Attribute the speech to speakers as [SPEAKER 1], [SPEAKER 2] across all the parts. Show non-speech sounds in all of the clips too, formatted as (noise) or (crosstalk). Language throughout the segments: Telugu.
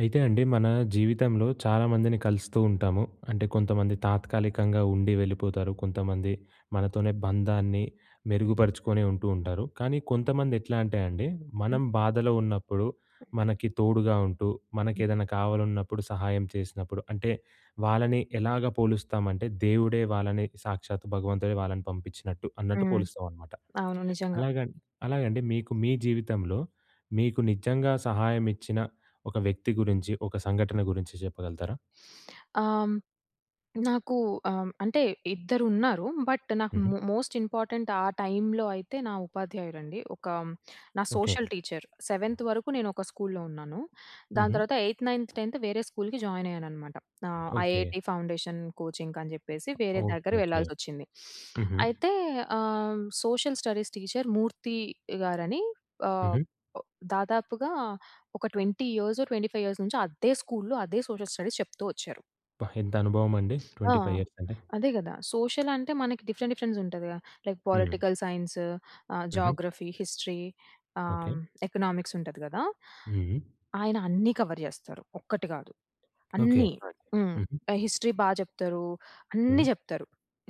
[SPEAKER 1] అయితే అండి మన జీవితంలో చాలామందిని కలుస్తూ ఉంటాము. అంటే కొంతమంది తాత్కాలికంగా ఉండి వెళ్ళిపోతారు. కొంతమంది మనతోనే బంధాన్ని మెరుగుపరుచుకొని ఉంటూ, ఉంటారు. కానీ కొంతమంది ఎట్లా అంటే అండి "మనం బాధలో ఉన్నప్పుడు మనకి తోడుగా ఉంటూ, మనకేదన్నా కావాలన్నప్పుడు సహాయం చేసినప్పుడు, అంటే వాళ్ళని ఎలాగా పోలుస్తామంటే దేవుడే వాళ్ళని సాక్షాత్తు భగవంతుడే వాళ్ళని పంపించినట్టు" అన్నట్టు
[SPEAKER 2] హ్మ్.
[SPEAKER 1] పోలుస్తామనమాట.
[SPEAKER 2] అవును నిజంగా.
[SPEAKER 1] అలాగన్ అలాగండి మీకు మీ జీవితంలో, మీకు నిజంగా సహాయమిచ్చిన ఒక వ్యక్తి గురించి, ఒక సంఘటన గురించి చెప్పగలుగుతారా?
[SPEAKER 2] ఆహ్, హ్మ్. నాకు ఆహ్, హ్మ్. అంటే ఇద్దరున్నారు. బట్ నాకు
[SPEAKER 1] హుహు.
[SPEAKER 2] మో మోస్ట్ ఇంపార్టెంట్ ఆ టైమ్‌లో అయితే నా ఉపాధ్యాయురండి. ఒక నా
[SPEAKER 1] ఓకే.
[SPEAKER 2] సోషల్ టీచర్ సెవెన్త్ వరకు నేను ఒక స్కూల్లో ఉన్నాను. దాని
[SPEAKER 1] హుహు.
[SPEAKER 2] తర్వాత ఎయిథ్, నైన్త్, 10థ్ వేరే స్కూల్‌కి జాయినయ్యాననమాట. ఆహ్,
[SPEAKER 1] ఓకే.
[SPEAKER 2] ఐఐటీ ఫౌండేషన్ కోచింగ్‌కి అని చెప్పేసి, వేరే దగ్గర
[SPEAKER 1] ఓకే. ఓకే.
[SPEAKER 2] వెళ్ళాల్సొచ్చింది.
[SPEAKER 1] హుహు.
[SPEAKER 2] అయితే ఆహ్, సోషల్ స్టడీస్ టీచర్ మూర్తి గారని ఆహ్,
[SPEAKER 1] హుహు.
[SPEAKER 2] ప్ దాదాపుగా ఒక 20,25 నుంచో అద్దే స్కూల్లో అదే సోషల్ స్టడీస్ చెప్తూ వచ్చారు.
[SPEAKER 1] అబ్బ! ఎంత అనుభవమండి,
[SPEAKER 2] (sniffs) ఆ!
[SPEAKER 1] 25 అంటే!
[SPEAKER 2] అదే కదా! సోషలంటే మనకి డిఫరెంట్, డిఫరెంట్స్ ఉంటదిగా! లైక్
[SPEAKER 1] హుహు.
[SPEAKER 2] పొలిటికల్ సైన్సు, ఆహ్,
[SPEAKER 1] హుహు.
[SPEAKER 2] జాగ్రఫీ, హిస్టరీ ఆహ్,
[SPEAKER 1] ఓకే.
[SPEAKER 2] హ్మ్. ఎకనామిక్సుంటది కదా!
[SPEAKER 1] హుహు.
[SPEAKER 2] ఆయన అన్నీ కవర్ చేస్తారు. ఒక్కటి కాదు,
[SPEAKER 1] ఓకే.
[SPEAKER 2] అన్నీ. హ్మ్.
[SPEAKER 1] హుహు.
[SPEAKER 2] ఆహ్, హిస్టరీ బా చెప్తరూ.
[SPEAKER 1] హ్మ్.
[SPEAKER 2] అన్ని చెప్తరు.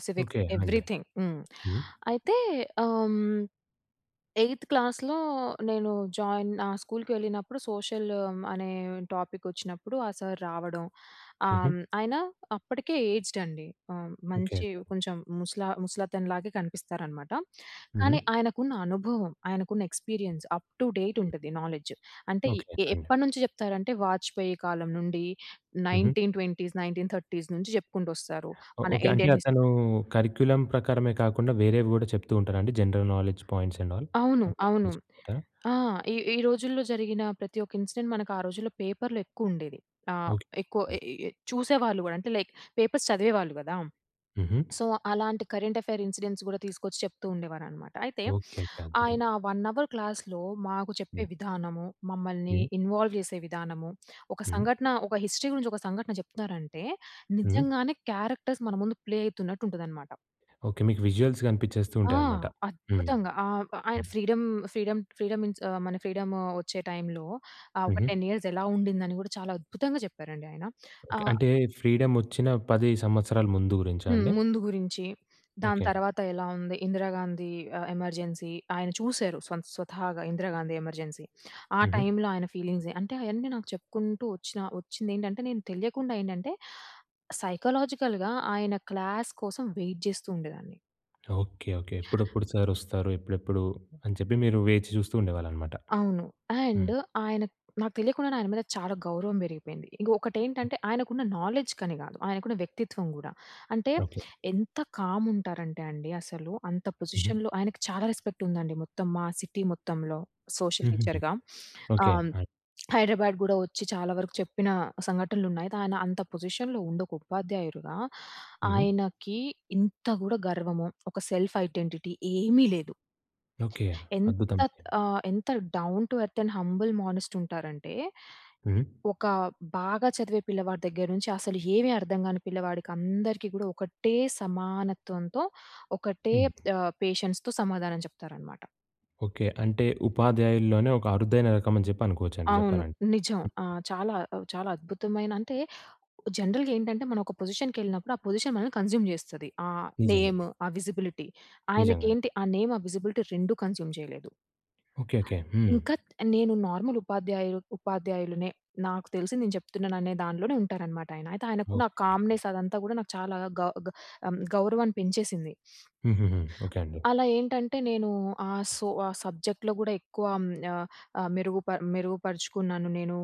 [SPEAKER 2] సివిక్స్
[SPEAKER 1] ఓకే అండి.
[SPEAKER 2] ఎవ్రితింగ్. హ్మ్.
[SPEAKER 1] హ్మ్
[SPEAKER 2] అయితే ఆహ్, హ్మ్. ఎయిత్ క్లాస్‌లో, నేను జోయిన్ ఆహ్, స్కూల్‌కెళ్ళినప్పుడు, సోషలు ఆహ్, అనే టోపికొచ్చినప్పుడు, ఆ సార్ రావడం, ఆహ్,
[SPEAKER 1] హుహు.
[SPEAKER 2] హ్మ్. ఆయన అప్పటికే ఏజ్‌‌డ్ అండి. హ్మ్. మంచి
[SPEAKER 1] ఓకేకే.
[SPEAKER 2] కొంచెం ముసలా ముసలతను లాగే కనిపిస్తారనమాట.
[SPEAKER 1] హుహు.
[SPEAKER 2] కానీ, ఆయనకున్న అనుభవం, ఆయనకున్న ఎక్స్పీరియన్స్, అప్ టు డేట్ ఉంటది నాలెడ్జు. అంటే, ఇ
[SPEAKER 1] ఓకే.
[SPEAKER 2] ఎ
[SPEAKER 1] అండి.
[SPEAKER 2] ఎప్పడినుంచి చెప్తారంటే, 'వాజ్పేయి' కాలం నుండి,
[SPEAKER 1] హుహు.
[SPEAKER 2] 1920స్, 1930స్ నుంచి చెప్పుకుంటొస్తారు. మన
[SPEAKER 1] ఓకే. అంటే
[SPEAKER 2] ఇండియన్ హిస్ట్
[SPEAKER 1] అతను కరిక్యులమ్ ప్రకారమే కాకుండా, వేరేవి కూడా చెప్తూ ఉంటారా అండి? General knowledge points and all.
[SPEAKER 2] అవును.
[SPEAKER 1] అంటే అన్ని
[SPEAKER 2] అవును.
[SPEAKER 1] చెప్తారా?
[SPEAKER 2] ఆ! ఈ ఈ రోజుల్లో జరిగిన ప్రతి ఒక ఇన్సిడెంట్, మనకా రోజుల్లో పేపర్లో ఎక్కువుండేది. ఆహ్, ఎక్కువ
[SPEAKER 1] ఓకే.
[SPEAKER 2] ఎ ఎ ఎ చూసేవాళ్ళు కూడా. అంటే లైక్ పేపర్స్ చదివేవాళ్ళు కదా!
[SPEAKER 1] హుహు.
[SPEAKER 2] సో, అలాంటి కరెంట్ అఫైర్ ఇన్సిడెంట్స్ కూడా తీసుకొచ్చి, చెప్తూ ఉండేవారనమాట. అయితే,
[SPEAKER 1] ఓకేకే. అద్భుతం!
[SPEAKER 2] ఆయన 1 అవర్ క్లాస్‌లో, మాకు
[SPEAKER 1] హ్మ్.
[SPEAKER 2] చెప్పే విధానము, మమ్మల్ని
[SPEAKER 1] హ్మ్.
[SPEAKER 2] ఇన్వాల్వ్ చేసే విధానము, ఒక
[SPEAKER 1] హ్మ్.
[SPEAKER 2] సంఘటన ఒక హిస్టరీ గురించొక సంఘటన చెప్తున్నారంటే,
[SPEAKER 1] హ్మ్.
[SPEAKER 2] నిజంగానే క్యారెక్టర్స్ మన ముందు ప్లే అయితున్నట్టుంటదనమాట.
[SPEAKER 1] ఓకే. మీకు విజుఅల్స్ కనిపించేస్తూ
[SPEAKER 2] ఆ!
[SPEAKER 1] ఉంటాయనమాట. హ్మ్.
[SPEAKER 2] అద్భుతంగా! ఆ! ప ఆయన ఫ్రీడమ్ ఫ్రీడమ్ ఫ్రీడమ్ ఇన్స్ ఆహ్, మన ఫ్రీడమో వచ్చే టైంలో, ఆహ్, ఒక
[SPEAKER 1] హుహు.
[SPEAKER 2] 10 ఇయర్స్ ఎలా ఉండిందని కూడా, చాలా అద్భుతంగా చెప్పారండి ఆయన.
[SPEAKER 1] ఓకే.
[SPEAKER 2] ఆహ్
[SPEAKER 1] అంటే ఫ్రీడమ్ వచ్చిన 10 సంవత్సరాల ముందు గురించా
[SPEAKER 2] హ్మ్.
[SPEAKER 1] అండి?
[SPEAKER 2] ముందు గురించి, దాని
[SPEAKER 1] ఓకే.
[SPEAKER 2] తర్వాత ఎలా ఉంది? 'ఇందిరాగాంధీ' ఆహ్, ఎమర్జెన్సీ ఆయన చూశారు స్వతహాగా 'ఇందిరాగాంధీ' 'ఎమర్జెన్సీ.' ఆ
[SPEAKER 1] హుహు.
[SPEAKER 2] టైంలో ఆయన ఫీలింగ్స్, అంటే, అయన్నీ నాకు చెప్పుకుంటూ వచ్చిన వచ్చిందేంటంటే, నేను తెలియకుండా ఏంటంటే, సైకొలాజికల్‌గా ఆయన క్లాస్ కోసం వెయిట్ జేస్తూ ఉండెదాన్ని.
[SPEAKER 1] ఓకే. ఓకే. ఎప్పుడప్పుడు సర్ వస్తారు. ఎప్పుడెప్పుడు అని చెప్పి, మీరు వేచి చూస్తూ ఉండేవాళ్ళు అనమాట.
[SPEAKER 2] అవును.
[SPEAKER 1] హ్మ్.
[SPEAKER 2] అండ్ ఆయన నాకు తెలియకుండానే ఆయన మీద చాలా గౌరవం బెరిగి‌పోయింది. ఇంక ఒకటి ఏంటంటే, ఆయనకు ఉన్న నాలెడ్జ్ కని కాదు. ఆయనకున్న వ్యక్తిత్వం కూడా. అంటే
[SPEAKER 1] ఓకే.
[SPEAKER 2] ఎంత కామ్ ఉంటారంటే అండి అసలు. అంత
[SPEAKER 1] హుహు.
[SPEAKER 2] పొజిషన్‌లో ఆయనకి చాలా రెస్పెక్ట్ ఉందండి మొత్తం మా సిటీ మొత్తంలో సోషల్
[SPEAKER 1] హుహు‌హు.
[SPEAKER 2] టీచర్‌గా. (sniffs)
[SPEAKER 1] ఓకే.
[SPEAKER 2] ఆహ్,
[SPEAKER 1] ఆ!
[SPEAKER 2] హైదరాబాద్ కూడా వచ్చి చాలా వరకు చెప్పిన సంఘటనలు ఉన్నాయి. కాని అంత పొజిషన్‌లో ఉండొక ఉపాధ్యాయుడిగా,
[SPEAKER 1] హుహు.
[SPEAKER 2] ఆయనకి ఇంత కూడా గర్వము, ఒక సెల్ఫ్ ఐడెంటిటీ ఏమీ లేదు.
[SPEAKER 1] ఓకే.
[SPEAKER 2] ఎంత
[SPEAKER 1] అద్భుతము.
[SPEAKER 2] ఆహ్, ఎంత down to earth and humble మానేస్ట్ ఉంటారంటే,
[SPEAKER 1] హ్మ్.
[SPEAKER 2] ఒక బాగా చదివే పిల్లవాడి దగ్గర నుంచి అసలు ఏమి అర్థం కాని పిల్లవాడికి అందరికి కూడా ఒకటే సమానత్వంతో ఒకటే
[SPEAKER 1] హ్మ్.
[SPEAKER 2] ఆహ్, పేషెన్స్‌తో సమాధానం చెప్తారనమాట.
[SPEAKER 1] ఓకే. అంటే ఉపాధ్యాయుల్లోనే ఒక అరుదైన రకం అని జెప్పి అనుకోవచ్చండి.
[SPEAKER 2] అవును.
[SPEAKER 1] జెప్పాలంటే.
[SPEAKER 2] నిజం. ఆ! చాలా చాలా అద్భుతమైన అంటే, జనరల్‌గా ఏంటంటే మనం ఒక పొజిషన్‌కెళ్ళినప్పుడు. ఆ పొజిషన్ మనల్ని కన్స్యూమ్ జేస్తది. ఆహ్,
[SPEAKER 1] నిజంగా.
[SPEAKER 2] నేమ్ ఆ విజిబిలిటీ. ఆయనకి
[SPEAKER 1] నిజంగా‌నే.
[SPEAKER 2] ఏంటి ఆ నేమ్, ఆ విజిబిలిటీ 2 కన్స్యూమ్ చేయలేదు.
[SPEAKER 1] ఓకే. ఓకే. హ్మ్.
[SPEAKER 2] ఇంకా నేను నార్మల్ ఉపాధ్యాయు ఉపాధ్యాయులనే నాకు తెలిసి నేను చెప్తున్నాను అనే దాన్లోనే ఉంటారు అనమాట ఆయన. అయితే ఆయనకు ఉన్న
[SPEAKER 1] ఓకే.
[SPEAKER 2] కామ్‌నెస్ అదంతా గూడా, నాకు చాలా గ గ ఆమ్, గౌరవాన్ని పెంచేసింది.
[SPEAKER 1] హుహు‌హు. ఓకే.
[SPEAKER 2] (sniffs)
[SPEAKER 1] అండి.
[SPEAKER 2] అలా ఏంటంటే నేను ఆహ్, సో ఆహ్, సబ్జెక్ట్‌లో గూడా ఎక్కువ అమ్ యా ఆహ్, మెరుగుప మెరుగుపరుచుకున్నాను నేను.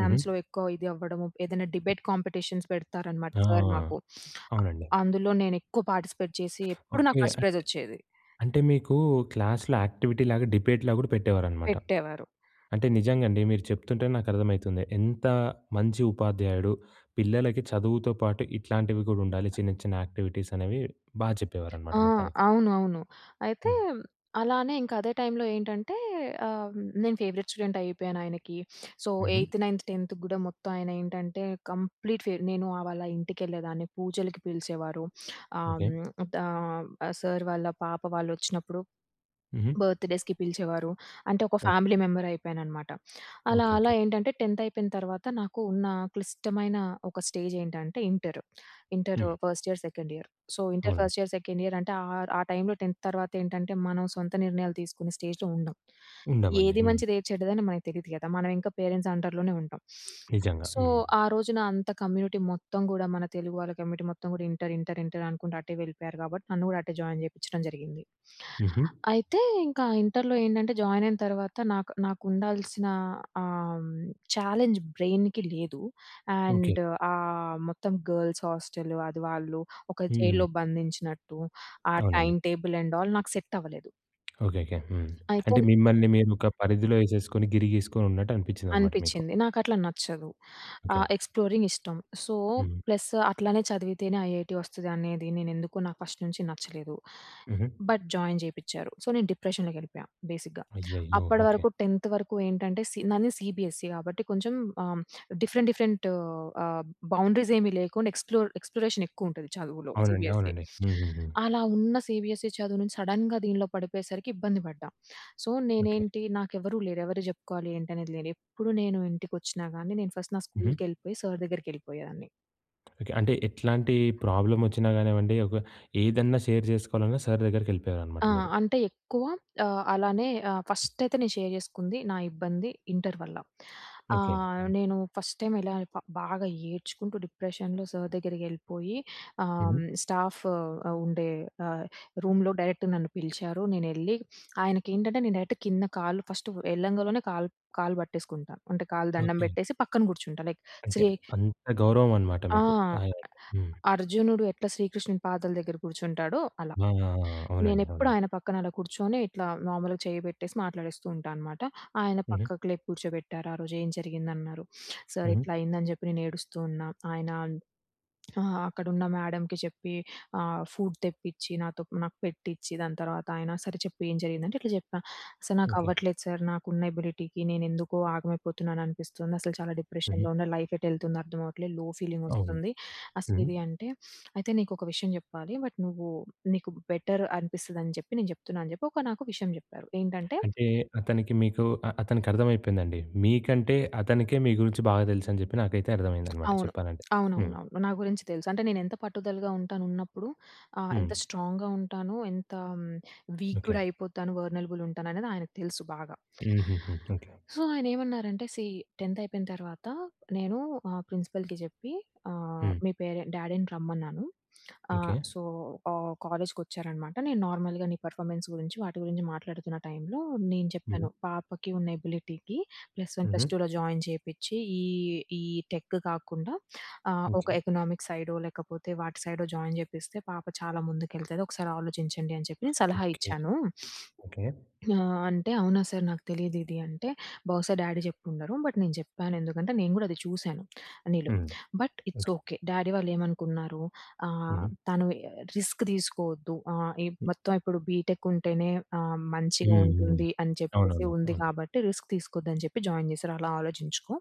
[SPEAKER 1] హుహు.
[SPEAKER 2] ఎక్కువ ఇది అవ్వడము. ఏదైనా డిబేట్ కాంపిటీషన్ పెడతారనమాట.
[SPEAKER 1] ఆ!
[SPEAKER 2] సర్ మాకు. (sniffs)
[SPEAKER 1] అవునండి.
[SPEAKER 2] ఆహ్, అందులో నేను ఎక్కువ పార్టిసిపేట్ చేసి ఎప్పుడు నాకు
[SPEAKER 1] ఓకే.
[SPEAKER 2] ఫస్ట్ ప్రైజ్
[SPEAKER 1] అంటే,
[SPEAKER 2] వచ్చేది.
[SPEAKER 1] అంటే మీకు క్లాస్‌లో యాక్టివిటీలాగా డిబేట్‌లాగా కూడా పెట్టేవారనమాట.
[SPEAKER 2] పెట్టేవారు.
[SPEAKER 1] అంటే నిజంగా అండి. మీరు చెప్తుంటే నాకు అర్థ‌మైతుంది. ఎంత మంచి ఉపాధ్యాయుడు. పిల్లలకి చదువుతో పాటు ఇట్లాంటివి కూడా ఉండాలి. చిన్న చిన్న యాక్టివిటీస్ అనేవి బా చెప్పేవారనమాట
[SPEAKER 2] ఆ!
[SPEAKER 1] మొత్తానికి.
[SPEAKER 2] అవును. అవును. అయితే
[SPEAKER 1] హ్మ్.
[SPEAKER 2] అలానే ఇంక అదే టైంలో ఏంటంటే ఆహ్, నేను ఫేవరెట్ స్టూడెంట్ అయిపోయాను ఆయనకి. (sniffs) సో,
[SPEAKER 1] హుహు.
[SPEAKER 2] ఎయిత్, నైన్త్, 10థ్ గూడా, మొత్తం ఆయన ఏంటంటే కంప్లీట్ ఫే నేను ఆ వాళ్ళ ఇంటికెళ్ళేదాన్ని. పూజలకి పిలిచేవారు. (sniffs)
[SPEAKER 1] ఓకే.
[SPEAKER 2] ఆమ్, దా ఆ సార్ వాళ్ళ పాప వాళ్ళు వచ్చినప్పుడు
[SPEAKER 1] హుహు.
[SPEAKER 2] బర్త్‌డే‌స్‌కి పిలిచేవారు. అంటే ఒక
[SPEAKER 1] ఓహ్!
[SPEAKER 2] Family member అయిపోయాననమాట. అలా
[SPEAKER 1] ఓకే.
[SPEAKER 2] అలా
[SPEAKER 1] ఓకే.
[SPEAKER 2] ఏంటంటే, 10థ్ అయిపోయిన తర్వాత. నాకు నా ఉన్న క్లిష్టమైన ఒక స్టేజ్ ఏంటంటే ఇంటర్. ఇంటరు
[SPEAKER 1] హ్మ్.
[SPEAKER 2] First year, second year. So, inter
[SPEAKER 1] అవును.
[SPEAKER 2] ఫస్ట్ ఇయర్, సెకండ్ ఇయర్ అంటే ఆహ్, ఆ టైమ్‌లో 10థ్ తర్వాత ఏంటంటే, మనం సొంత నిర్ణయాలు తీసుకునే స్టేజ్‌లో ఉండం.
[SPEAKER 1] ఉండమండి.
[SPEAKER 2] ఏది
[SPEAKER 1] హ్మ్.
[SPEAKER 2] మంచిది ఏది చెడ్డది అని మనకు తెలియదు కదా. మనం ఇంకా స్టేజ్‌లో పేరెంట్స్ అండర్‌లోనే ఉంటాం. (sniffs)
[SPEAKER 1] నిజంగా.
[SPEAKER 2] సో,
[SPEAKER 1] హ్మ్.
[SPEAKER 2] ఆ రోజున నా అంత కమ్యూనిటీ మొత్తం గూడా, మన తెలుగు వాళ్ళ కమ్యూనిటీ మొత్తం గూడా ఇంటర్ ఇంటర్ ఇంటర్ అనుకుంట అటే వెళ్ళిపోయారు కాబట్టి. నన్ను గూడా అటే జాయిన్ చేపించడం జరిగింది.
[SPEAKER 1] హుహు.
[SPEAKER 2] అయితే ఇంకా ఇంటర్‌లో ఏంటంటే, జాయిన్ అయిన తర్వాత, నాకు నాకు ఉండాల్సిన ఆహ్, చాలెంజ్ బ్రైన్‌కి లేదు.
[SPEAKER 1] ఓకే.
[SPEAKER 2] అండ్ ఆహ్, మొత్తం గర్ల్స్ హోస్టల్. అది వాళ్ళు ఒక
[SPEAKER 1] హుహు.
[SPEAKER 2] జైల్‌లో బంధించినట్టు. ఆ
[SPEAKER 1] అవునండి.
[SPEAKER 2] టైమ్ టేబుల్ అండ్ ఆ‌ల్ నాకు సెట్ అవ్వలేదు.
[SPEAKER 1] ఓకే. ఓకే. హ్మ్.
[SPEAKER 2] అయితే
[SPEAKER 1] అంటే మిమ్మల్ని మీరు ఒక పరిధిలో ఎసేసుకొని, గిరి గీసుకొని ఉన్నట్టు అనిపించింది అన్నమాట మీకు.
[SPEAKER 2] అనిపించింది. నాకు అట్లా నచ్చదు. ఆహ్,
[SPEAKER 1] ఓకే.
[SPEAKER 2] ఎక్స్‌ప్లోరింగ్ ఇష్టం. సో,
[SPEAKER 1] హ్మ్.
[SPEAKER 2] ప్లసు, అట్లనే చదివితేనే ఐఐటీ వస్తదనేది నేనెందుకొ నాకు ఫస్ట్ నుంచి నచ్చలేదు.
[SPEAKER 1] ఉహూ.
[SPEAKER 2] But, join చేపిచారు. సో, నేను డిప్రెషన్‌లోకేళ్ళిపోయా. బేసిక్‌గా,
[SPEAKER 1] అయ్యయ్యో! ఓకే.
[SPEAKER 2] అప్పటివరకు 10థ్ వరకు ఏంటంటే, సి నాది సీబీఎస్ఈ కాబట్టి, కొంచెం ఆహ్, హ్మ్, డిఫరెంట్ డిఫరెంటు ఆహ్, బౌండరీసెమీ లేకుండా ఎక్స్‌ప్లోర్ ఎక్స్‌ప్లోరేషనేక్కువుంటది చదువులో,
[SPEAKER 1] అవునండి.
[SPEAKER 2] సీబీఎస్ఈ.
[SPEAKER 1] అవునండి. హూహూహూ.
[SPEAKER 2] అలా ఉన్న సీబీఎస్ఈ చదువు నుంచి, సడెన్‌గా దీనిలో పడిపోయేసరికి ఇబ్బంది పడ్డా. So,
[SPEAKER 1] okay.
[SPEAKER 2] నేనేంటి నాకు ఎవరూ లేరు. ఎవరికీ జెప్పుకోవాలి ఏంటనేది లేదు. ఎప్పుడు నేను ఇంటికొచ్చినా గాని, నేను ఫస్ట్ నా
[SPEAKER 1] ఉహూ.
[SPEAKER 2] స్కూల్‌కెళ్ళిపోయి, సర్ దగ్గరికెళ్ళిపోయేదాన్ని.
[SPEAKER 1] ఓకె. అంటే ఎట్లాంటి ప్రాబ్లమ్ వచ్చినా కానివ్వండి, ఒక ఏదైనా షేర్ జెసుకోవాలన్నా సర్ దగ్గరికెళ్ళిపోయేవారు అన్నమాట
[SPEAKER 2] ఆ!
[SPEAKER 1] మీరు.
[SPEAKER 2] అంటే ఎక్కువ ఆహ్, అలానే ఆహ్, ఫస్టయితే నేను షేర్ చేసుకుంది, నా ఇబ్బంది ఇంటర్ వల్ల.
[SPEAKER 1] ఓకే.
[SPEAKER 2] ఆహ్,
[SPEAKER 1] ఆ!
[SPEAKER 2] నేను ఫస్ట్ టైం ఎలా ప బాగా ఏడ్చుకుంటూ, డిప్రెషన్‌లో సర్ దగ్గరికెళ్ళిపోయి
[SPEAKER 1] ఉహూ.
[SPEAKER 2] ఆహ్, స్టాఫు ఆ ఉండే ఆహ్, రూమ్‌లో డైరెక్ట్‌ నన్ను పిలిచారు. నేనేళ్ళి ఆయనకకెంటంటే, నేను డైరెక్ట్ కింద కాళ్ళు, ఫస్టు ఎల్లంగలోనే కాళ్ కాళ్ళు పట్టేసుకుంటా. అంటే కాళ్ళు దండం
[SPEAKER 1] ఓకే.
[SPEAKER 2] బేట్టేసి పక్కన కూర్చుంటా. లైక్
[SPEAKER 1] అంటే,
[SPEAKER 2] శ్రీ
[SPEAKER 1] అంత గౌరవం అన్నమాట
[SPEAKER 2] ఆ!
[SPEAKER 1] మీకు ఆయనంటే. హ్మ్.
[SPEAKER 2] అర్జునుడు ఎట్లా శ్రీకృష్ణుని పాదాల దగ్గర కూర్చుంటాడో అలా.
[SPEAKER 1] ఆ! ఆ! అవునండి.
[SPEAKER 2] నేనెప్పుడూ
[SPEAKER 1] అవునండి.
[SPEAKER 2] ఆయన పక్కన అలా కూర్చొని, ఇట్లా మామూలుగా చెయ్యి పెట్టేసి మాట్లాడేస్తూంటా అనమాట. ఆయన
[SPEAKER 1] ఉహూ.
[SPEAKER 2] పక్కకు లేపి కూర్చోబెట్టారు. ఆ రోజు, "ఏం జరిగింది," అన్నారు. (sniffs) సర్
[SPEAKER 1] ఉహూ.
[SPEAKER 2] ఇట్లా అయిందని చెప్పి నేను ఏడుస్తూ ఉన్నా. ఆయన అన్ ఆహ్, అక్కడున్న మ్యాడమ్‌కి చెప్పి ఆహ్, ఫుడ్ తెప్పిచ్చి, నాతో నాకు పెట్టిచ్చి, దాని తర్వాత అయన, "సరే చెప్పి ఏం జరిగిందంటే?" ఇట్లా చెప్పా, సర్ నాకు
[SPEAKER 1] ఓకే.
[SPEAKER 2] అవ్వట్లేదు సర్, నాకున్న ఎబిలిటీకి నేనేందుకొ ఆగమైపోతున్నాను అనిపిస్తుంది. అసలు చాలా
[SPEAKER 1] హ్మ్.
[SPEAKER 2] డిప్రెషన్‌లో ఉన్న, లైఫ్ ఎటేళ్తుందో అర్థమవ్వట్లేదు. లో
[SPEAKER 1] అవును.
[SPEAKER 2] ఫీలింగోస్తుంది. అసలు
[SPEAKER 1] హ్మ్.
[SPEAKER 2] ఇది అంటే. (sniffs) "అయితే నీకొక విషయం చెప్పాలి. బట్ నువ్వు నీకు బెటర్, అనిపిస్తది అని చెప్పి నేను చెప్తున్నాను" అని చెప్పి ఒక నాకు ఒక విషయం జెప్పారు. ఏంటంటే
[SPEAKER 1] అంటే, అతనికి మీకు అ అతనికర్థమైపోయిందండి. మీకంటే, అతనికే మీ గురించి బాగా తెలుసు అని చెప్పి నాకైతే అర్థమైందనమాట
[SPEAKER 2] అవును.
[SPEAKER 1] చెప్పాలంటే. హ్మ్.
[SPEAKER 2] అవునవునవును. నా గురించి తెలుసు. అంటే, నేను ఎంత పట్టుదలగా ఉంటాను ఉన్నప్పుడు, ఆహ్, ఎంత
[SPEAKER 1] హ్మ్.
[SPEAKER 2] స్ట్రాంగ్‌గా ఉంటాను, ఎంత హ్మ్, వీక్
[SPEAKER 1] ఓకే.
[SPEAKER 2] గూడైపోతాను, వల్నరబుల్ ఉంటాననేది ఆయనకి తెలుసు బాగా.
[SPEAKER 1] హూహూహూ. ఓకే.
[SPEAKER 2] సో, ఆయన ఏమన్నారంటే, "సీ, 10థ్ అయిపోయిన తర్వాత, నేను మా ప్రిన్సిపల్‌కి జెప్పి ఆహ్,
[SPEAKER 1] హ్మ్.
[SPEAKER 2] మీ పేరెంట్ డ్యాడీని రమ్మన్నాను.
[SPEAKER 1] ఓకే.
[SPEAKER 2] ఆహ్, సో, ఆహ్, కాలేజ్‌కొచ్చారనమాట నేను నార్మల్‌గా నీ పెర్ఫార్మెన్స్ గురించి, వాటి గురించి మాట్లాడుతున్న టైమ్‌లో నేను
[SPEAKER 1] హ్మ్.
[SPEAKER 2] చెప్పాను, 'పాపకి ఉన్న ఎబిలిటీకి ప్లస్ 1,
[SPEAKER 1] ఉహూ.
[SPEAKER 2] ప్లస్ 2లో జాయిన్ జెపిచ్చి ఈ ఈ టెకు కాకుండా ఆహ్, ఒక
[SPEAKER 1] ఓకే.
[SPEAKER 2] ఎకనామిక్స్ సైడో, లేకపోతే వాటి సైడో, జాయిన్ జెపిస్తే పాప చాలా ముందుకెళ్తది. ఒకసారి ఆలోచించండి అని చెప్పి' నేను సలహా
[SPEAKER 1] ఓకే.
[SPEAKER 2] ఇచ్చాను."
[SPEAKER 1] ఓకే.
[SPEAKER 2] (sniffs) ఆహ్, అంటే, అవునా సర్! నాకు తెలీదిది అంటే, బహుశా డ్యాడీ చెప్పుండరు. బట్ నేను జెప్పాను ఎందుకంటే నేను కూడా అది చూసాను నీలో.
[SPEAKER 1] హ్మ్.
[SPEAKER 2] But it's
[SPEAKER 1] okay.
[SPEAKER 2] Okay. Daddy వాళ్ళు ఏమనుకున్నారు ఆహ్,
[SPEAKER 1] ఉహూ.
[SPEAKER 2] తను ఆహ్, రిస్క్ తీసుకోవద్దు! ఆహ్, ఈ మొత్తం ఇప్పుడు బీటెక్ ఉంటేనే ఆహ్, మంచిగా
[SPEAKER 1] హ్మ్. హ్మ్.
[SPEAKER 2] ఉంటుంది అని చెప్పేసి
[SPEAKER 1] అవునవును.
[SPEAKER 2] ఉంది.
[SPEAKER 1] అవును.
[SPEAKER 2] కాబట్టి, రిస్క్ తీసుకోవద్దని జెప్పి జాయిన్ చేసారు అలా ఆలోచించుకో.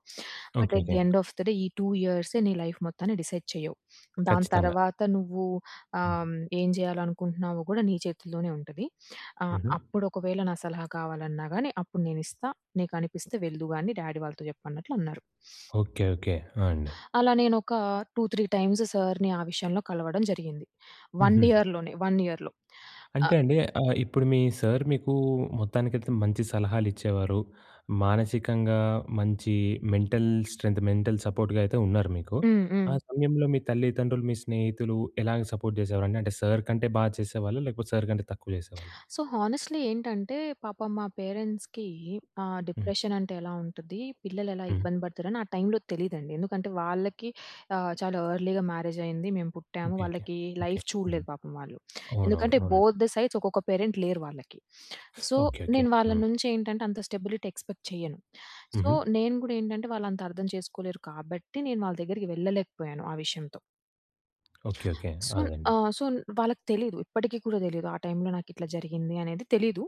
[SPEAKER 2] But,
[SPEAKER 1] okay.
[SPEAKER 2] At
[SPEAKER 1] okay.
[SPEAKER 2] The end of the day ఈ 2 ఇయర్స్‌యే నీ లైఫ్ మొత్తాన్ని డిసైడ్ చేయవు. దాని
[SPEAKER 1] ఖచ్చితంగా.
[SPEAKER 2] తర్వాత నువ్వు ఆహ్,
[SPEAKER 1] హ్మ్.
[SPEAKER 2] హ్మ్, ఏం చేయాలనుకుంటున్నావో కూడా నీ చేతుల్లోనే ఉంటది. ఆహ్,
[SPEAKER 1] ఉహూ.
[SPEAKER 2] అప్పుడు ఒకవేళ నా సలహా కావాలన్నా గాని అప్పుడు నేనిస్తా. నీకు అనిపిస్తే వెల్దుగాని డ్యాడీ వాళ్ళతో చెప్పు" అన్నట్లు అన్నారు.
[SPEAKER 1] ఓకే. ఓకే. ఆ! అండి.
[SPEAKER 2] అలా నేను ఒక 2, 3 టైమ్స్ సర్‌ని ఆ విషయంలో కలవడం జరిగింది. 1
[SPEAKER 1] ఉహూ.
[SPEAKER 2] ఇయర్‌లోనే, 1 ఇయర్‌లో. ఆ
[SPEAKER 1] అంటే అండి ఆహ్, ఇప్పుడు మీ సర్ మీకు మొత్తానికైతే మంచి సలహాలు ఇచ్చేవారు. మానసికంగా మంచి మెంటల్ స్ట్రెంత్, మెంటల్ సపోర్ట్‌గా అయితే ఉన్నారు మీకు.
[SPEAKER 2] హ్మ్.
[SPEAKER 1] ఆ
[SPEAKER 2] హ్మ్.
[SPEAKER 1] సమయంలో మీ తల్లిదండ్రులు, మీ స్నేహితులు, ఎలాగ సపోర్ట్ చేసేవారండి? అంటే, సర్ కంటే బాగా చేసేవాళ్ళా? లేకపోతే సర్ కంటే తక్కువ చేసేవాళ్ళా?
[SPEAKER 2] సో, హానెస్ట్‌లి ఏంటంటే, పాపం మా పేరెంట్స్‌కి, ఆహ్,
[SPEAKER 1] హ్మ్.
[SPEAKER 2] డిప్రెషన్ అంటే ఎలా ఉంటది, పిల్లలు ఎలా
[SPEAKER 1] హ్మ్.
[SPEAKER 2] ఇబ్బంది పడతారని ఆ టైంలో తెలీదండి. ఎందుకంటే వాళ్ళకి ఆహ్, చాలా ఎర్లీగా మ్యారేజైయింది. మేము పుట్టాము,
[SPEAKER 1] ఓకే. ఓకే.
[SPEAKER 2] వాళ్ళకి
[SPEAKER 1] ఓకే.
[SPEAKER 2] లైఫ్
[SPEAKER 1] హ్మ్.
[SPEAKER 2] చూడలేదు పాపం వాళ్ళు.
[SPEAKER 1] అవునవును.
[SPEAKER 2] ఎందుకంటే,
[SPEAKER 1] అవును
[SPEAKER 2] బోత్ ద సైడ్స్ ఒక్కొక్క పేరెంట్ లేరు వాళ్ళకి.
[SPEAKER 1] (sucks teeth)
[SPEAKER 2] So,
[SPEAKER 1] okay. ఓకే.
[SPEAKER 2] నేను వాళ్ళ
[SPEAKER 1] హ్మ్.
[SPEAKER 2] నుంచి ఏంటంటే, అంత స్టెబిలిటీ ఎక్స్‌పెక్ట్ చేయను. సో,
[SPEAKER 1] ఉహూ.
[SPEAKER 2] నేను గూడా ఏంటంటే వాళ్ళు అంత అర్థం చేసుకోలేరు కాబట్టి, నేను వాళ్ళ దగ్గరికి వెళ్ళలేకపోయాను ఆ విషయంతో.
[SPEAKER 1] ఓకే. ఓకే.
[SPEAKER 2] సూన్
[SPEAKER 1] అదెండి.
[SPEAKER 2] ఆహ్, సూన్ వాళ్ళకి తెలీదు. ఇప్పటికి కూడా దెలీదు ఆ టైమ్‌లో నాకు ఇట్ల జరిగింది అనేది తెలీదు.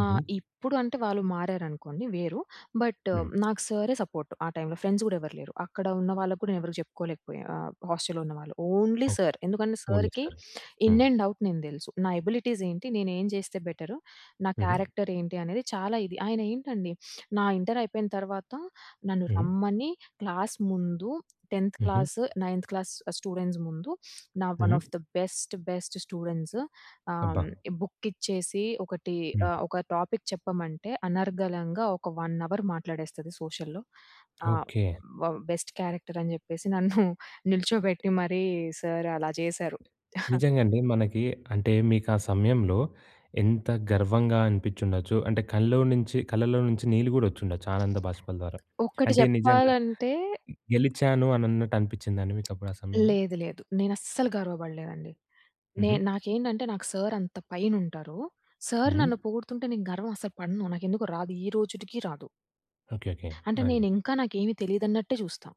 [SPEAKER 1] హుహు.
[SPEAKER 2] ఇప్పుడు అంటే వాళ్ళు మారారనుకోండి వేరు. బట్
[SPEAKER 1] హ్మ్.
[SPEAKER 2] నాకు సారే సపోర్ట్. ఆ టైమ్‌లో. ఫ్రెండ్స్ గూడా ఎవరు లేరు. అక్కడ ఉన్న వాళ్ళకి కూడా నేనెవరికి జెప్పుకోలేకపోయా ఆహ్, హాస్టల్లో ఉన్నవాళ్ళు. Only
[SPEAKER 1] okay.
[SPEAKER 2] సార్. ఎందుకంటే
[SPEAKER 1] ఓన్లీ
[SPEAKER 2] సార్‌కి
[SPEAKER 1] సార్‌కీ.
[SPEAKER 2] ఇన్
[SPEAKER 1] హ్మ్.
[SPEAKER 2] అండ్ ఔట్ నేను దెలుసు. నా ఎబిలిటీస్ ఏంటి? నేను ఏం చేస్తే బెటర్? నా
[SPEAKER 1] హుహు.
[SPEAKER 2] క్యారెక్టర్ ఏంటి? అనేది చాలా ఇది. ఆయన ఏంటండి (sniffs) నా ఇంటర్ అయిపోయిన తర్వాత నన్ను
[SPEAKER 1] హ్మ్.
[SPEAKER 2] రమ్మని క్లాస్ ముందు 10థ్
[SPEAKER 1] హుహు.
[SPEAKER 2] క్లాస్, నైన్త్ క్లాస్ ఆహ్, స్టూడెంట్స్ ముందు నా ఒన్
[SPEAKER 1] హుహు.
[SPEAKER 2] Of the best, best students. ఆహ్,
[SPEAKER 1] అబ్బ!
[SPEAKER 2] ఈ బుక్ ఇచ్చేసి ఒకటి ఆహ్,
[SPEAKER 1] హుహు.
[SPEAKER 2] ఒక టాపిక్ చెప్పమంటే అనర్గళంగా ఒక వన్ అవర్ మాట్లాడేస్తది సోషల్‌ల్లో. ఆహ్,
[SPEAKER 1] ఓకే.
[SPEAKER 2] బ బెస్ట్ క్యారెక్టర్ అని జెప్పేసి నన్ను (chuckles) నిల్చోబెట్టి మరి సార్ అలా జెసారు. (chuckles)
[SPEAKER 1] నిజంగండి. మనకి అంటే మీకు ఆ సమయంలో ఎంత గర్వంగా అనిపించి ఉండొచ్చు. అంటే కళ్ళో నుంచి కళ్ళలో నుంచి నీళ్ళు గూడా ఒచ్చిండచ్చు, ఆనంద భాష్పాల ద్వారా.
[SPEAKER 2] ఒక్కటి
[SPEAKER 1] అంటే నిజంగా
[SPEAKER 2] జెప్పాలంటే
[SPEAKER 1] గెలిచాను అని అన్నట్టు అనిపించిందా అండి మీకు అప్పుడు ఆ సమయంలో?
[SPEAKER 2] లేదు లేదు. నేను అస్సలు గర్వబడలేదండి. నే
[SPEAKER 1] హుహు.
[SPEAKER 2] నాకేంటంటే నాకు సార్ అంత పైన ఉంటారు. సార్
[SPEAKER 1] హ్మ్.
[SPEAKER 2] నన్ను పొగుడుతుంటే నేను గర్వం అసలు పడను. నాకు ఎందుకొ రాదు, ఈ రోజుటికి రాదు.
[SPEAKER 1] ఓకే. ఓకే.
[SPEAKER 2] అంటే
[SPEAKER 1] ఆ! అండి.
[SPEAKER 2] నేను ఇంకా, నాకేమి తెలీదన్నట్టే జూస్తా.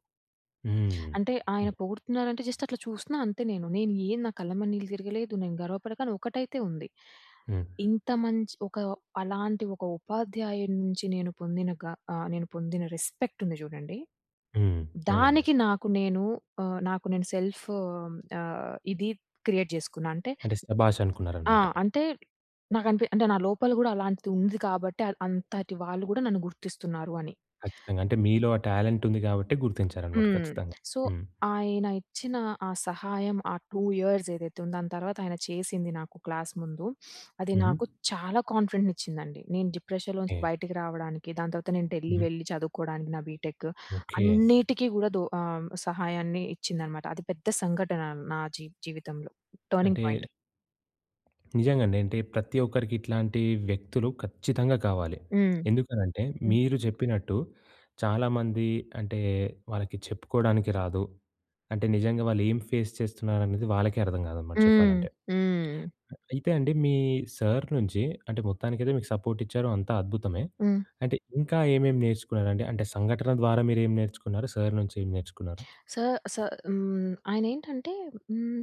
[SPEAKER 1] హ్మ్.
[SPEAKER 2] అంటే ఆయన
[SPEAKER 1] హ్మ్.
[SPEAKER 2] పొగుడుతున్నారంటే జస్ట్ అట్ల చూస్తున్నా అంతే నేను. నేను ఏ నా కళ్ళమ్మ నీళ్ళు తిరగలేదు. నేను గర్వపడక కాని ఒకటైతే ఉంది.
[SPEAKER 1] హ్మ్.
[SPEAKER 2] ఇంత మంచి ఒక అలాంటి ఒక ఉపాధ్యాయుడ్నుంచి నేను పొందిన గ ఆహ్, నేను పొందిన రెస్పెక్ట్ ఉంది జూడండి.
[SPEAKER 1] హ్మ్. అవునండి.
[SPEAKER 2] దానికి నాకు నేను ఆహ్, నాకు నేను సెల్ఫ్ ఆహ్, ఇది క్రియేట్ జెసుకున్నా. అంటే
[SPEAKER 1] అంటే సభాష్!
[SPEAKER 2] ఆ!
[SPEAKER 1] అనుకున్నారన్నమాట.
[SPEAKER 2] అంటే నాకనిపి అంటే నా లోపల గూడా అలాంటిది ఉంది కాబట్టి ఆద్ అంతటి వాళ్ళు గూడా నన్ను గుర్తిస్తున్నారు అని.
[SPEAKER 1] ఖచ్చితంగా. అంటే మీలో ఆ టాలెంట్ ఉంది గాబట్టే గుర్తించారన్నమాట.
[SPEAKER 2] హ్మ్.
[SPEAKER 1] ఖచ్చితంగా.
[SPEAKER 2] సో,
[SPEAKER 1] హ్మ్.
[SPEAKER 2] ఆయన ఇచ్చిన ఆ సహాయం, ఆ 2 ఇయర్స్ ఏదైతే ఉందో దాని తర్వాత ఆయన చేసింది నాకు క్లాస్ ముందు, అది
[SPEAKER 1] హుహు.
[SPEAKER 2] నాకు చాలా కాన్ఫిడెంట్‌ని ఇచ్చిందండి. నేను డిప్రెషన్‌లో నుంచి
[SPEAKER 1] ఏహ్!
[SPEAKER 2] బయటికి రావడానికి, దాని తర్వాత నేను ఢిల్లీ
[SPEAKER 1] హ్మ్.
[SPEAKER 2] వెళ్ళి చదువుకోడానికి నా బీటెక్
[SPEAKER 1] ఓకే.
[SPEAKER 2] అన్నిటికీ గూడా దూ ఆహ్, సహాయాన్ని ఇచ్చిందనమాట. అది పెద్ద సంఘటన నా జీ జీవితంలో. టర్నింగ్
[SPEAKER 1] అంటే
[SPEAKER 2] పాయింట్.
[SPEAKER 1] నిజంగా అండి. అంటే ప్రతి ఒక్కరికి ఇట్లాంటి వ్యక్తులు ఖచ్చితంగా కావాలి.
[SPEAKER 2] హ్మ్.
[SPEAKER 1] ఎందుకనంటే
[SPEAKER 2] హ్మ్.
[SPEAKER 1] మీరు జెప్పినట్టు చాలామంది అంటే వాళ్ళకి చెప్పుకోడానికి రాదు. అంటే నిజంగా వాళ్ళు ఏం ఫేస్ చేస్తున్నారనేది వాళ్ళకే అర్థం గాదన్నమాట
[SPEAKER 2] హ్మ్.
[SPEAKER 1] చెప్పాలంటే.
[SPEAKER 2] హ్మ్.
[SPEAKER 1] అ అయితే అండి మీ సార్ నుంచి అంటే, మొత్తానికైతే మీకు సపోర్ట్ ఇచ్చారు. అంతా అద్భుతమే.
[SPEAKER 2] హ్మ్.
[SPEAKER 1] అంటే ఇంకా ఏమేం నేర్చుకున్నారండి. అంటే సంఘటన ద్వారా మీరేం నేర్చుకున్నారు? సార్ నుంచి ఏం నేర్చుకున్నారు?
[SPEAKER 2] సా సా హ్మ్. ఆయనేంటంటే హ్మ్.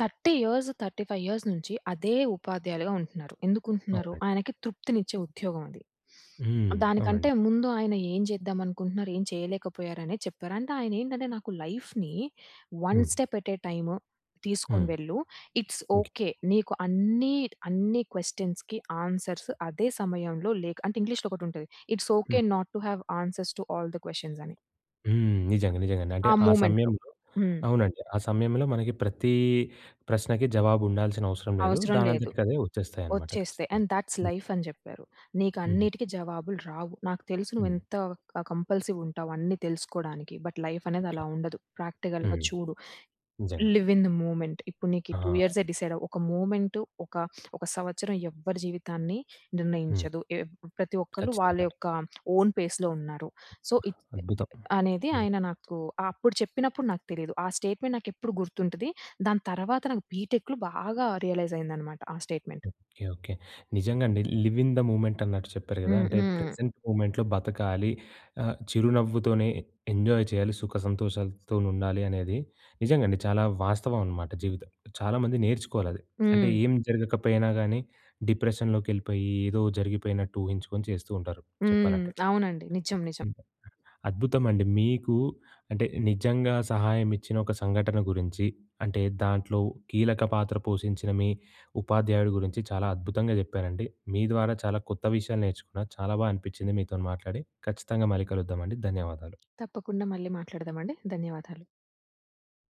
[SPEAKER 2] 30 ఇయర్స్, 35 ఇయర్స్ నుంచి అదే ఉపాధ్యాయులుగా ఉంటున్నారు. ఎందుకు ఉంటున్నారు?
[SPEAKER 1] అవునండి.
[SPEAKER 2] ఆయనకి తృప్తినిచ్చే ఉద్యోగం అది.
[SPEAKER 1] హ్మ్.
[SPEAKER 2] దానికంటే
[SPEAKER 1] అవునండి.
[SPEAKER 2] ముందు ఆయన ఏం జెద్దాం అనుకుంటున్నారు. ఏం చేయలేకపోయారు అనేది చెప్పారు. అంటే ఆయన ఏంటంటే నాకు లైఫ్‌ని 'వన్
[SPEAKER 1] హ్మ్.
[SPEAKER 2] స్టెప్ ఎట్ ఏ టైమ్' తీసుకొని
[SPEAKER 1] హ్మ్.
[SPEAKER 2] వెళ్ళు. It's
[SPEAKER 1] okay.
[SPEAKER 2] ఓకే. నీకు అన్నీ, అన్ని క్వెషన్స్‌కి ఆన్సర్స్ అదే సమయంలో లేక అంటే ఇంగ్లీష్‌లో ఒకటి ఉంటుంది. 'ఇట్స్ ఓకే
[SPEAKER 1] హ్మ్.
[SPEAKER 2] Not to have answers to all the questions' అని.
[SPEAKER 1] హ్మ్. నిజంగా నిజంగా అండి. అంటే
[SPEAKER 2] ఆ
[SPEAKER 1] ఆ
[SPEAKER 2] మూమెంట్‌లో.
[SPEAKER 1] సమయంలో
[SPEAKER 2] హ్మ్.
[SPEAKER 1] అవునండి. ఆ సమయంలో మనకి ప్రతి ప్రశ్నకి జవాబు ఉండాల్సిన అవసరం లేదు.
[SPEAKER 2] అవసరం లేదు.
[SPEAKER 1] దానంతటికి అదే ఒచ్చేస్తాయన్నమాట
[SPEAKER 2] ఒచ్చేస్తే
[SPEAKER 1] ఖచ్చితంగా.
[SPEAKER 2] "అండ్ దట్స్
[SPEAKER 1] హ్మ్.
[SPEAKER 2] లైఫ్" అని జెప్పారు.
[SPEAKER 1] హుహు.
[SPEAKER 2] "నీకన్నిటికి జవాబులు రావు. నాకు తెలుసు నువ్వు
[SPEAKER 1] హ్మ్.
[SPEAKER 2] ఎంత క కంపల్సివ్ ఉంటావు. అన్ని తెలుసుకోవడానికి. బట్ లైఫ్ అనేది
[SPEAKER 1] ఓకే.
[SPEAKER 2] అలా ఉండదు. ప్రాక్టికల్‌గా
[SPEAKER 1] హ్మ్.
[SPEAKER 2] చూడు.
[SPEAKER 1] నిజంగా.
[SPEAKER 2] Live in the movement. ఇప్పుడు నీకీ 2
[SPEAKER 1] ఆ!
[SPEAKER 2] ఇయర్సె డిసైడ్ అవ్వు. ఒక మూవ్మెంటు, ఒక ఒక సంవత్సరం ఎవ్వరి జీవితాన్ని
[SPEAKER 1] హ్మ్.
[SPEAKER 2] నిర్ణయించదు. ఏప్ ప్రతి ఒక్కళ్ళు వాళ్ళ
[SPEAKER 1] ఖచ్చితంగాను.
[SPEAKER 2] యొక్క ఓన్ ఫేస్‌లో ఉన్నారు." సో ఇప్
[SPEAKER 1] అద్భుతం.
[SPEAKER 2] అనేది
[SPEAKER 1] నిజం.
[SPEAKER 2] ఆయన నాకు అప్పుడు చెప్పినప్పుడు నాకు తెలీదు. ఆ స్టేట్మెంట్ నాకు ఎప్పుడు గుర్తుంటది. దాని తర్వాత నాకు బిటెక్‌లో బాగా రియలైజ్ అయింది అన్నమాట. ఆ స్టేట్మెంట్.
[SPEAKER 1] Okay okay. నిజంగా అండి. 'లివ్ ఇన్ ద మూమెంట్' అన్నట్టు చెప్పారు గదా!
[SPEAKER 2] హ్మ్.
[SPEAKER 1] అంటే
[SPEAKER 2] హ్మ్.
[SPEAKER 1] ప్రెజెంట్ మూమెంట్‌లో బతకాలి. ఆహ్, చిరునవ్వుతోనే ఎంజాయ్ చేయాలి. సుఖసంతోషాలతోనుండాలి అనేది నిజంగా అండి. చాలా వాస్తవం అనమాట. జీవితం చాలామంది నేర్చుకోవాలి అది. అంటే
[SPEAKER 2] హ్మ్.
[SPEAKER 1] ఏం జరగకపోయినా గానీ డిప్రెషన్‌లోకెళ్ళిపోయి ఏదో జరిగిపోయినట్టు ఊహించుకొని చేస్తూ ఉంటారు.
[SPEAKER 2] హ్మ్.
[SPEAKER 1] చెప్పాలంటే.
[SPEAKER 2] అవునండి. నిజం నిజం.
[SPEAKER 1] హ్మ్. అద్భుతమండి. మీకు అంటే నిజంగా సహాయం ఇచ్చిన ఒక సంఘటన గురించి అంటే, దాంట్లో కీలక పాత్ర పోషించిన మీ ఉపాధ్యాయుడి గురించి చాలా అద్భుతంగా జెప్పారండి. మీ ద్వారా చాలా కొత్త విషయాలు నేర్చుకున్నా. చాలా బా అనిపించింది మీతోని మాట్లాడి. ఖచ్చితంగా మళ్ళీ కలుద్దామండి. ధన్యవాదాలు.
[SPEAKER 2] తప్పకుండా మళ్ళీ మాట్లాడదామండి. ధన్యవాదాలు.